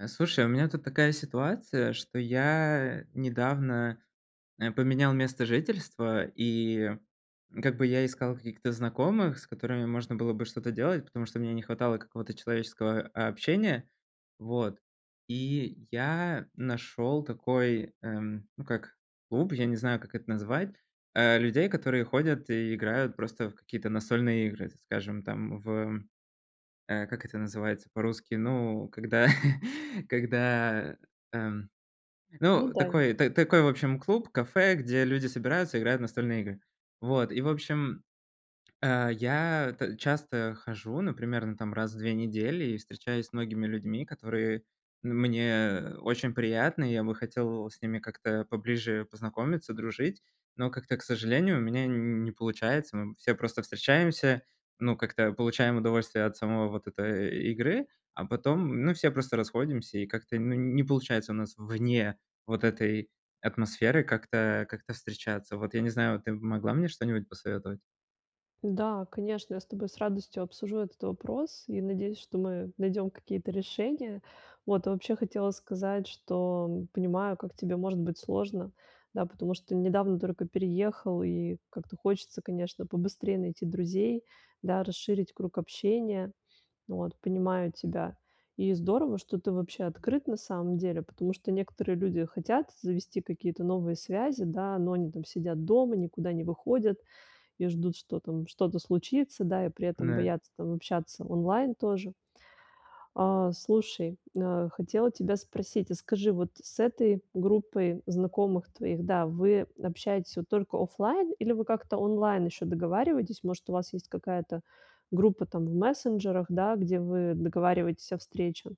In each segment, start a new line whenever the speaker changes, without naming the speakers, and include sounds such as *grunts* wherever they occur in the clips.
А, слушай, у меня тут такая ситуация, что я недавно, э, поменял место жительства, и как бы я искал каких-то знакомых, с которыми можно было бы что-то делать, потому что мне не хватало какого-то человеческого, а, общения. Вот, и я нашёл такой, эм, ну, как клуб, я не знаю, как это назвать, э, людей, которые ходят и играют просто в какие-то настольные игры, скажем, там, в, э, как это называется по-русски, ну, когда когда, эм,
Ну
ну,
да.
такой т такой, в общем, клуб, кафе, где люди собираются, играют в настольные игры. Вот, и, в общем, э, я т часто хожу, ну, примерно, там, раз в 2 недели, и встречаюсь с многими людьми, которые, н мне очень приятны, и я бы хотел с ними как-то поближе познакомиться, дружить, но как-то, к сожалению, у меня не не получается. Мы все просто встречаемся, ну, как-то получаем удовольствие от самой вот этой игры, а потом, ну, все просто расходимся, и как-то, ну, не получается у нас вне вот этой атмосферы как-то как-то встречаться. Вот, я не знаю, ты могла мне что-нибудь посоветовать?
Да, конечно, я с тобой с радостью обсужу этот вопрос и надеюсь, что мы найдем какие-то решения. Вот, и вообще хотела сказать, что понимаю, как тебе может быть сложно, да, потому что недавно только переехал, и как-то хочется, конечно, побыстрее найти друзей, да, расширить круг общения. Ну, вот понимаю тебя. И здорово, что ты вообще открыт, на самом деле, потому что некоторые люди хотят завести какие-то новые связи, да, но они там сидят дома, никуда не выходят и ждут, что там что-то случится, да, и при этом
Н-да.
боятся там общаться онлайн тоже. А, слушай, э, хотела тебя спросить, а скажи, вот с этой группой знакомых твоих, да, вы общаетесь вот только оффлайн или вы как-то онлайн ещё договариваетесь, может, у вас есть какая-то группа там в мессенджерах, да, где вы договариваетесь о встрече?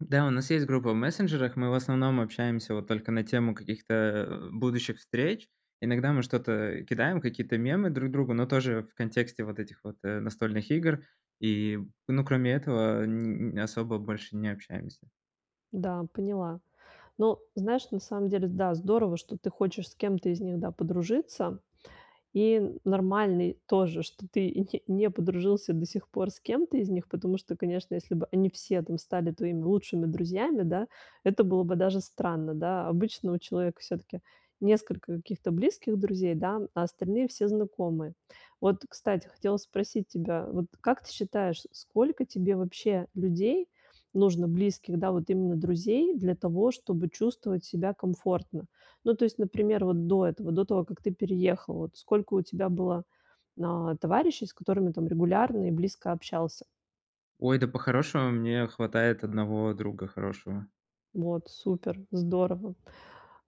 Да, у нас есть группа в мессенджерах, мы в основном общаемся вот только на тему каких-то, э, будущих встреч. Иногда мы что-то кидаем, какие-то мемы друг другу, но тоже в контексте вот этих вот, э, настольных игр. И, ну, кроме этого, н н особо больше не общаемся.
Да, поняла. Ну, знаешь, на самом деле, да, здорово, что ты хочешь с кем-то из них, да, подружиться. И нормальный тоже, что ты не не подружился до сих пор с кем-то из них, потому что, конечно, если бы они все там стали твоими лучшими друзьями, да, это было бы даже странно, да. Обычно у человека всё-таки несколько каких-то близких друзей, да, а остальные все- знакомые. Вот, кстати, хотела спросить тебя, вот как ты считаешь, сколько тебе вообще людей нужно близких, да, вот именно друзей для того, чтобы чувствовать себя комфортно? Ну, то есть, например, вот до этого, до того, как ты переехал, вот сколько у тебя было, а, товарищей, с которыми там регулярно и близко общался?
Ой, да, по-хорошему мне хватает одного друга хорошего.
Вот супер, здорово.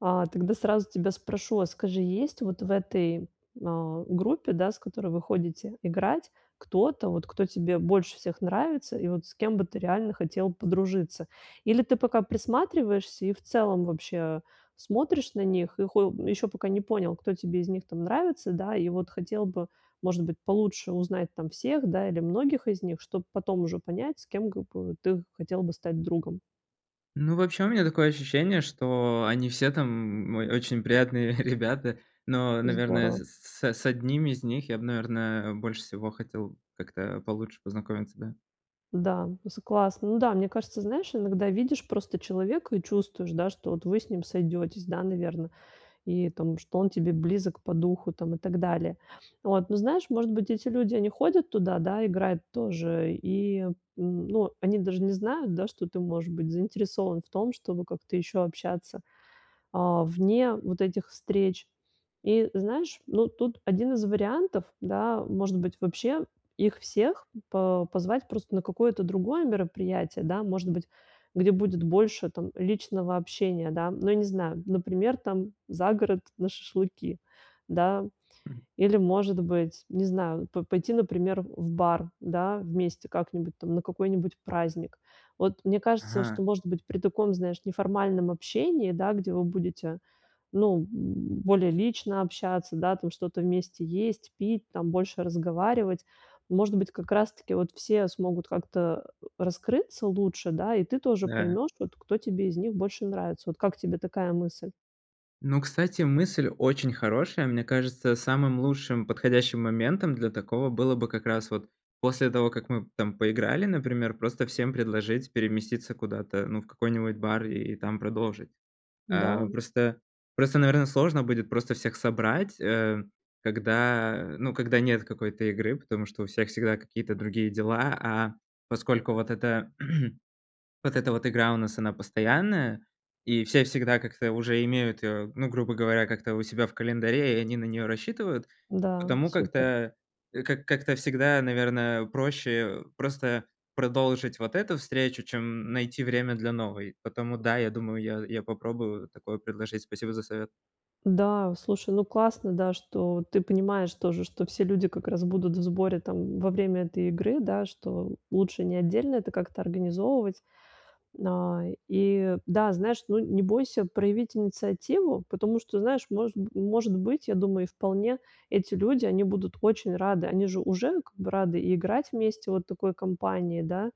А тогда сразу тебя спрошу, вот, скажи, есть, вот, в этой, а, группе, да, с которой вы ходите играть, кто-то, вот, кто тебе больше всех нравится и вот с кем бы ты реально хотел подружиться? Или ты пока присматриваешься и, в целом, вообще смотришь на них, и хо ещё пока не понял, кто тебе из них, там, нравится, да. И вот хотел бы, может быть, получше узнать там всех, да, или многих из них, чтоб потом уже понять, с кем, как г бы, ты хотел бы стать другом.
Ну, вообще, у меня такое ощущение, что они все там, м, ой, очень приятные ребята. Но, наверное,
Здорово.
с с 1 из них я бы, наверное, больше всего хотел как-то получше познакомиться, да.
Да, c классно. Ну да, мне кажется, знаешь, иногда видишь просто человека и чувствуешь, да, что вот вы с ним сойдётесь, да, наверно. И, там, что он тебе близок по духу, там, и так далее. Вот, ну, знаешь, может быть, эти люди, они ходят туда, да, играют тоже, и, м, ну, они даже не знают, да, что ты, может быть, заинтересован в том, чтобы как-то ещё общаться, а, вне вот этих встреч. И знаешь, ну, тут 1 из вариантов, да, может быть, вообще их всех по позвать просто на какое-то другое мероприятие, да, может быть, где будет больше там личного общения, да, ну, я не знаю, например, там, за город на шашлыки, да,
Мгм.
или, может быть, не знаю, п пойти, например, в бар, да, вместе как-нибудь, там, на какой-нибудь праздник. Вот, мне кажется,
Ага.
что, может быть, при таком, знаешь, неформальном общении, да, где вы будете, ну, м, более лично общаться, да, там что-то вместе есть, пить, там, больше разговаривать. Может быть, как раз таки вот все смогут как-то, а, раскрыться лучше, да и ты тоже
Да.
поймёшь, вот кто тебе из них больше нравится. Вот как тебе такая мысль?
Ну, кстати, мысль очень хорошая, мне кажется, самым лучшим подходящим моментом для такого было бы как раз вот после того, как мы, там, поиграли, например, просто всем предложить переместиться куда-то, ну, в какой-нибудь бар и там продолжить. А,
Да.
просто просто, наверное, сложно будет просто всех собрать, а, когда ну, когда нет какой-то игры, потому что у всех всегда какие-то другие дела, а поскольку вот эта *clears throat* вот эта вот игра у нас, она постоянная, и все всегда как-то уже имеют, а, ну, грубо говоря, как-то у себя в календаре, и они на неё рассчитывают,
Да,
потому
супер.
как-то, а, к как-то всегда, наверное, проще просто продолжить вот эту встречу, чем найти время для новой, потому, да, я думаю, я я попробую такое предложить. Спасибо за совет.
Да, слушай, ну, классно, да, что ты понимаешь тоже, что все люди как раз будут в сборе, там, во время этой игры, да, что лучше не отдельно это как-то организовывать. На и да, знаешь, ну, не бойся проявить инициативу, потому что, знаешь, может б может быть, я думаю, и вполне, эти люди, они будут очень рады. Они же уже как бы рады и играть вместе вот в такой компании, да,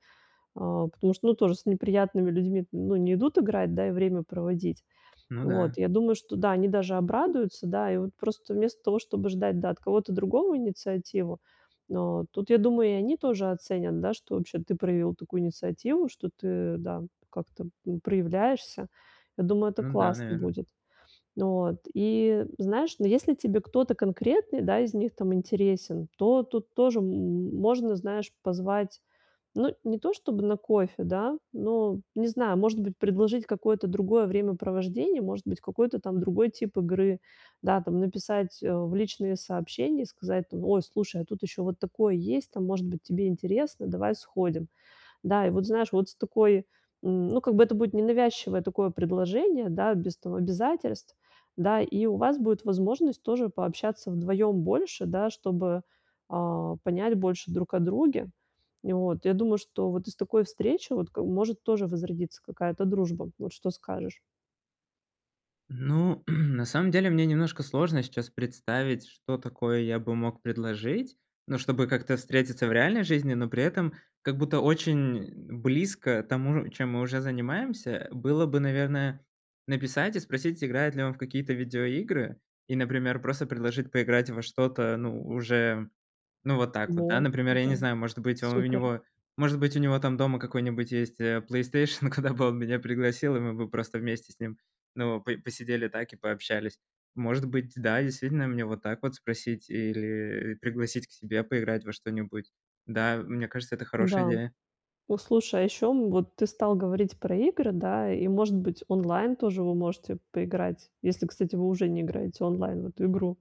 а, потому что, ну, тоже с неприятными людьми, ну, не идут играть, да, и время проводить.
Ну да.
Вот я думаю, что, да, они даже обрадуются, да. И, вот, просто вместо того, чтобы ждать, да, от кого-то другого инициативу, э, тут, я думаю, и они тоже оценят, да, что, вообще, ты проявил такую инициативу, что ты, да, как-то, ну, проявляешься. Я думаю, это
Ну да,
классно
наверное.
будет. Вот, и, знаешь, но если тебе кто-то конкретный, да, из них, там, интересен, то тут тоже, м, можно, знаешь, позвать, ну, не то чтобы на кофе, да, но, не знаю, может быть, предложить какое-то другое времяпровождение, может быть, какой-то, там, другой тип игры, да, там, написать, а, в личные сообщения, сказать, там, ой, слушай, а тут ещё вот такое есть, там, может быть, тебе интересно, давай сходим. Да, и вот, знаешь, вот с такой, м, ну, как бы это будет ненавязчивое такое предложение, да, без того обязательств, да, и у вас будет возможность тоже пообщаться вдвоём больше, да, чтобы, а, понять больше друг о друге. И вот я думаю, что вот из такой встречи, вот, как б может тоже возродиться какая-то дружба. Вот что скажешь?
Ну, *clears throat* на самом деле, мне немножко сложно сейчас представить, что такое я бы мог предложить. Ну, чтобы как-то встретиться в реальной жизни, но при этом как будто очень близко тому, чем мы уже занимаемся, э, было бы, наверное, написать и спросить, играет ли он в какие-то видеоигры. И, например, просто предложить поиграть во что-то, ну, уже, ну, вот так вот, да,
Вот,
например. Я не
да,
знаю, может быть, он у
супер.
него, может быть, у него там дома какой-нибудь есть, э, "Плейстейшн", куда бы он меня пригласил, и мы бы просто вместе с ним, ну, по посидели так и пообщались. Может быть, да, действительно, мне вот так вот спросить или, и, пригласить к себе поиграть во что-нибудь. Да, мне кажется, это хорошая
Да.
идея.
Вот слушай, а ещё, м, вот ты стал говорить про игры, да, и, может быть, онлайн тоже вы можете поиграть, если, кстати, вы уже не играете онлайн в эту игру,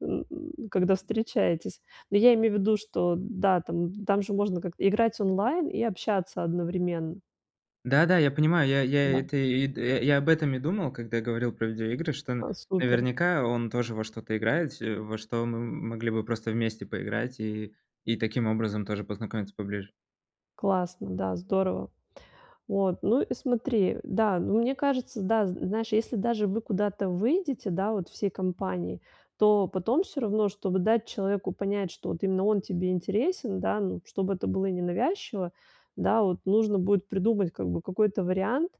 н н когда встречаетесь. Ну, я имею в виду, что, да, там, там, же можно как-то играть онлайн и общаться одновременно.
Да-да, я понимаю. Я я, и
Да.
это и д э, я об этом и думал, когда говорил про видеоигры, что н
А, супер.
наверняка он тоже во что-то играет, се во что мы, м могли бы просто вместе поиграть и и таким образом тоже познакомиться поближе.
Классно. Да, здорово. Вот, ну и смотри, да, ну, мне кажется, да, з знаешь, если даже вы куда-то выйдете, да, вот всей компанией, то потом всё равно, чтобы дать человеку понять, что вот именно он тебе интересен, да, ну, чтобы это было ненавязчиво, да, вот нужно будет придумать, как бы, какой-то вариант.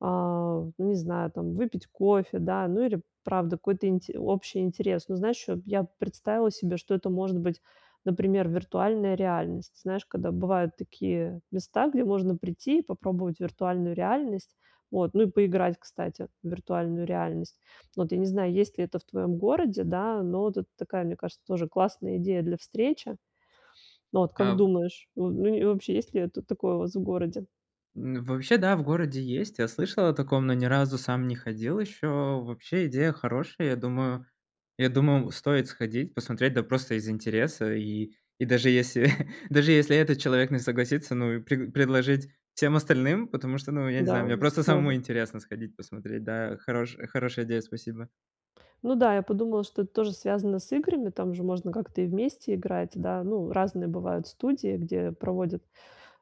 А, в ну не знаю, там, выпить кофе, да, ну, или, правда, какой-то инти общий интерес. Но знаешь, чё б, я б представила себе, что это может быть, например, виртуальная реальность. Знаешь, когда бывают такие места, где можно прийти и попробовать виртуальную реальность, вот, ну, и поиграть, кстати, в виртуальную реальность. Вот, я не знаю, есть ли это в твоём городе, да, но вот это такая, мне кажется, тоже классная идея для встречи. Ну вот, как
Ав
думаешь? Ну, ни и вообще, есть ли, э, тут такое у вас в городе?
н вообще, да, в городе есть. Я слышал о таком, но ни разу сам не ходил ещё. Вообще идея хорошая. Я думаю я думал, стоит сходить, посмотреть, да, просто из интереса. И, и даже если, *chuckles* даже если этот человек не согласится, ну, прег предложить всем остальным, потому что, ну, я не
Да,
знаю, мне
м,
просто
тоже.
самому интересно сходить, посмотреть, да. Хорош хорошая идея, спасибо.
Ну да, я подумала, что это тоже связано с играми, там же можно как-то и вместе играть, да. Ну, разные бывают студии, где проводят,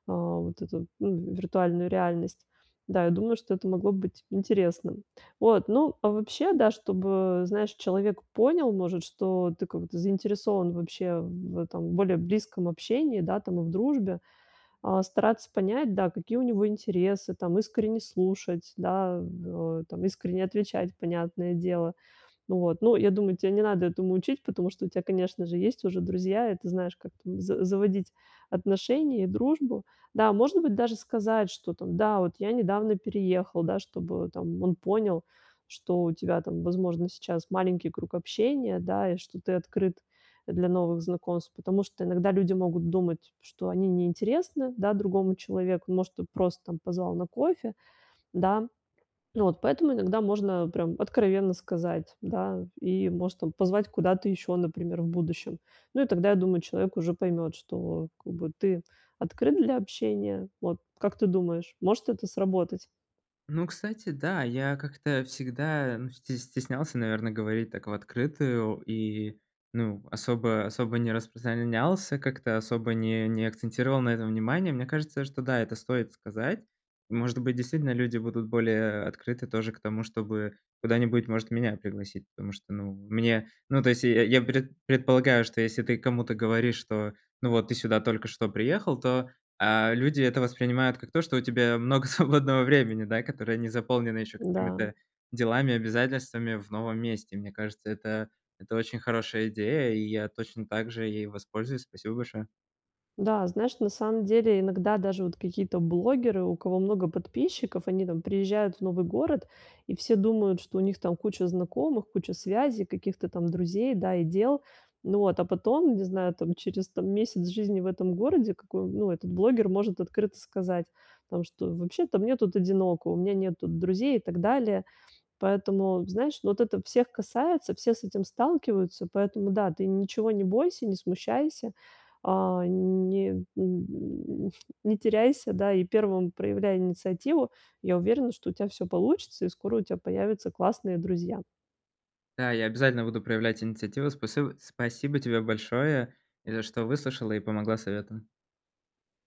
а, вот эту, ну, виртуальную реальность. Да, я думаю, что это могло быть интересным. Вот, ну, а вообще, да, чтобы, знаешь, человек понял, может, что ты как-то заинтересован вообще в этом, более близком общении, да, там, и в дружбе, а, стараться понять, да, какие у него интересы, там, искренне слушать, да, в о, там, искренне отвечать, понятное дело. Ну вот, ну, я думаю, тя не надо этому учить, потому что у тя, конечно же, есть уже друзья, и ты знаешь, как там з заводить отношения и дружбу. Да, может быть, даже сказать, что, там: да, вот я недавно переехал. Да, чтобы, там, он понял, что у тебя, там, возможно, сейчас маленький круг общения, да, и что ты открыт, э, для новых знакомств. Потому что иногда люди могут думать, что они не интересны, да, другому человеку, может, ты просто, там, позвал на кофе, да. Ну вот поэтому иногда можно, прям, откровенно сказать, да, и, может, там, позвать куда-то ещё, например, в будущем. Ну, и тогда, я думаю, человек уже поймёт, что, как бы, ты открыт для общения. Вот, как ты думаешь, может это сработать?
Ну, кстати, да, я как-то всегда, ну, сте стеснялся, наверно, говорить так в открытую и, ну, особо особо не распространялся, как-то особо не не акцентировал на этом внимание. Мне кажется, что да, это стоит сказать. Может быть, действительно люди будут более открыты тоже к тому, чтобы куда-нибудь, может, меня пригласить. Потому что, ну, мне ну, то есть я я пред предполагаю, что если ты кому-то говоришь, что, ну, вот ты сюда только что приехал, то, э, люди это воспринимают как то, что у тебя много свободного времени, да, которое не заполнено ещё
Да.
какими-то делами, обязательствами в новом месте. Мне кажется, это это очень хорошая идея, и я точно так же ей воспользуюсь. Спасибо большое.
Да, знаешь, на самом деле иногда даже вот какие-то блогеры, у кого много подписчиков, они там приезжают в новый город, и все думают, что у них там куча знакомых, куча связей, каких-то там друзей, да, и дел. Ну вот. А потом, не знаю там, через там месяц жизни в этом городе, какой ну, этот блогер может открыто сказать там, что: "Вообще-то мне тут одиноко, у меня нету друзей", и так далее. Поэтому, знаешь, ну, вот это всех касается, все с этим сталкиваются, поэтому да, ты ничего не бойся, не смущайся, а, не м, *grunts* не теряйся, да, и 1 проявляй инициативу. Я уверена, что у тя всё получится и скоро у тя появятся классные друзья.
Да, я обязательно буду проявлять инициативу. Спасибо спасибо тебе большое, и за что выслушала, и помогла советом.